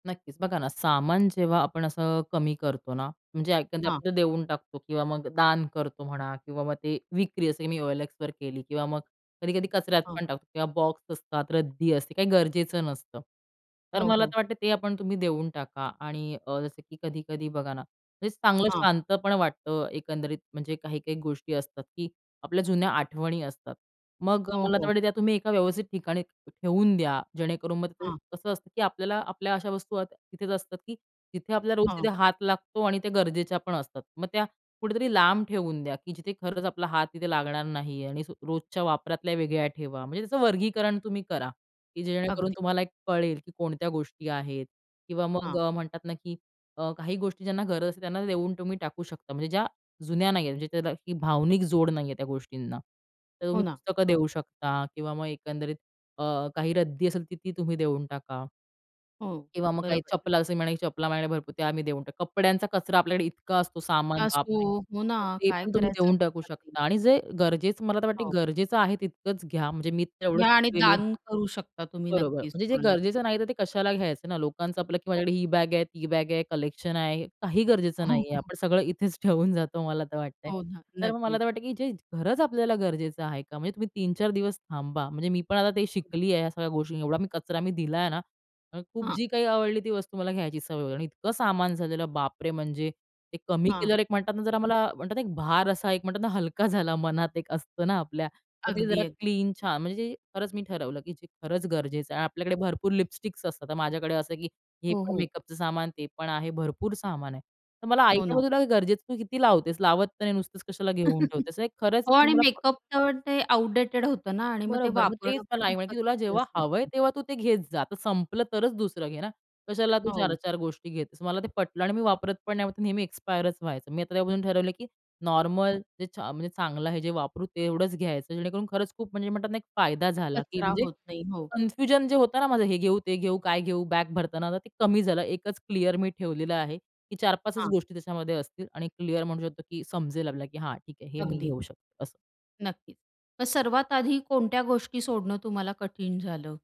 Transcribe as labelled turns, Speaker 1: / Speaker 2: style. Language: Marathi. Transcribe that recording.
Speaker 1: नक्कीच बघा ना, सामान जेव्हा आपण असं कमी करतो ना म्हणजे
Speaker 2: हां.
Speaker 1: आपण देऊन टाकतो किंवा मग दान करतो म्हणा किंवा मग ते विक्री जसं मी OLXवर केली किंवा मग कधी-कधी कचऱ्यात
Speaker 2: हां.
Speaker 1: पण टाकतो किंवा बॉक्स असतात, रद्दी असते काही गरजेचं नसतं. तर
Speaker 2: हो,
Speaker 1: मला
Speaker 2: हो.
Speaker 1: तर वाटते ते आपण तुम्ही देऊन टाका आणि अ, जसं की कधी-कधी बघा ना, हे चांगलं
Speaker 2: हां.
Speaker 1: शांतपण वाटतं एकंदरीत म्हणजे काही-काही गोष्टी असतात की आपल्या जुन्या आठवणी असतात. मग
Speaker 2: हो,
Speaker 1: मला तर
Speaker 2: हो.
Speaker 1: वाटते की तुम्ही एका व्यवस्थित ठिकाणी ठेवून द्या. जेणेकरून मग ते
Speaker 2: हां.
Speaker 1: कसं असतं की आपल्याला आपल्या अशा वस्तू तिथेच असतात की तिथे आपल्याला रोज
Speaker 2: हां.
Speaker 1: तिथे हात लागतो आणि त्या गरजेच्या पण असतात. मग त्या कुठेतरी लांब ठेवून द्या की जिथे खरंच आपला हात तिथे लागणार नाही आणि रोजच्या वापरातल्या वेगळ्या ठेवा म्हणजे त्याचं वर्गीकरण तुम्ही करा, की जेणेकरून
Speaker 2: अगदी.
Speaker 1: तुम्हाला कळेल की कोणत्या गोष्टी आहेत. किंवा मग
Speaker 2: हां.
Speaker 1: अ, म्हणतात ना की अ, काही गोष्टी ज्यांना गरज असते त्यांना देऊन तुम्ही टाकू शकता, म्हणजे ज्या जुन्या नाही आहेत. म्हणजे त्याला ही भावनिक जोड नाही आहे, त्या गोष्टींना तर
Speaker 2: हो
Speaker 1: तुम्ही
Speaker 2: ना.
Speaker 1: पुस्तकं देऊ शकता किंवा मग एकंदरीत काही अ, रद्दी असेल तर ती तुम्ही देऊन टाका.
Speaker 2: हो, हो,
Speaker 1: किंवा मग काही
Speaker 2: बरोबर.
Speaker 1: चपला असे म्हणाले की चपला भरपूर ते आम्ही देऊन टाकू. कपड्यांचा कचरा आपल्याकडे इतका असतो सामान,
Speaker 2: जास्त हो
Speaker 1: बापरे!
Speaker 2: हो ना,
Speaker 1: तर ते
Speaker 2: काय
Speaker 1: पण तुम्ही
Speaker 2: करायचं
Speaker 1: देऊन टाकू
Speaker 2: समजत नाही.
Speaker 1: शकता आणि जे गरजेचं मला तर वाटते
Speaker 2: हो.
Speaker 1: गरजेचं आहे तितकंच घ्या म्हणजे मी तेवढं
Speaker 2: घ्या आणि
Speaker 1: शिकलेली आहे
Speaker 2: दान करू शकता तुम्ही
Speaker 1: बरोबर.
Speaker 2: नक्कीच
Speaker 1: म्हणजे जे
Speaker 2: कोणाला तरी.
Speaker 1: गरजेचं नाही तर ते कशाला घ्यायचं ना लोकांचं आपलं की
Speaker 2: हो.
Speaker 1: माझ्याकडे ही बॅग आहे, ती बॅग आहे कलेक्शन आहे. काही गरजेचं नाही
Speaker 2: हो,
Speaker 1: आहे.
Speaker 2: हो.
Speaker 1: आपण सगळं इथेच ठेवून जातो, मला तर वाटतंय,
Speaker 2: हो ना,
Speaker 1: तर मग मला
Speaker 2: नक्कीच.
Speaker 1: तर वाटतं की जे खरच आपल्याला गरजेचं आहे का? म्हणजे तुम्ही 3-4 दिवस थांबा, म्हणजे मी पण आता ते
Speaker 2: हो ना.
Speaker 1: शिकली आहे, या सगळ्या गोष्टी एवढा मी कचरा मी दिला आहे ना आणि खूप
Speaker 2: हां.
Speaker 1: जी काही आवडली ती वस्तू मला घ्यायची सवय वगैरे आणि इतकं सामान झालेलं, बापरे! म्हणजे ते कमी
Speaker 2: हां.
Speaker 1: केल्यावर एक म्हणतात ना जरा मला म्हणतात ना एक भार असा एक म्हणतात ना हलका झाला मनात एक असतं ना आपल्या. मग
Speaker 2: अगदी,
Speaker 1: ते जरा
Speaker 2: अगदी.
Speaker 1: क्लीन छा म्हणजे खरंच मी ठरवलं की जे खरंच गरजेचं आहे आणि आपल्याकडे भरपूर लिपस्टिक्स असतात तर माझ्याकडे असं आहे की हे
Speaker 2: हो,
Speaker 1: पण
Speaker 2: हो.
Speaker 1: मेकअपचं सामान, ते पण आहे भरपूर सामान आहे. तर मला आई
Speaker 2: हो ना.
Speaker 1: तुला गरजेचं तू किती लावतेस? लावत तर नाही नुसतंच कशाला घेऊन ठेवतेस नाही खरंच
Speaker 2: हो. आणि
Speaker 1: मला प
Speaker 2: मेकअप तर ते आउटडेटेड होतं ना आणि मग ते
Speaker 1: बरोबर. मग तेच
Speaker 2: वापरणं
Speaker 1: मला
Speaker 2: पण
Speaker 1: आई म्हणे "तुला
Speaker 2: चांगलं
Speaker 1: जेव्हा हवंय,
Speaker 2: नसते.
Speaker 1: तेव्हा तू ते घेत जा, जर संपलं तरच दुसरं घे ना, कशाला तू चार
Speaker 2: हो.
Speaker 1: चार गोष्टी घेतेस." मला ते पटलं. आणि मी वापरत पण नाही नेहमी एक्स्पायरच व्हायचं. मी आता त्यापासून ठरवलं की नॉर्मल जे चा म्हणजे चांगलं आहे, जे वापरू तेवढंच घ्यायचं जेणेकरून खरंच खूप म्हणजे म्हणतात ना एक फायदा झाला की
Speaker 2: कचरा
Speaker 1: म्हणजे
Speaker 2: होत नाही. हो.
Speaker 1: कनफ्यूजन जे होतं ना माझं, "हे घेऊ, ते घेऊ, काय घेऊ," बॅग भरताना आता ते कमी झालं एकच क्लिअर मी ठेवलेलं आहे, की 4-5 च
Speaker 2: हां.
Speaker 1: गोष्टी त्याच्यामध्ये असतील आणि क्लिअर म्हणू शकतो की समजेल आपल्याला की "हां, ठीक आहे हे मी
Speaker 2: अगदी.
Speaker 1: घेऊ शकते." असं.
Speaker 2: नक्कीच. मग सर्वात आधी कोणत्या गोष्टी सोडणं तुम्हाला कठीण झालं?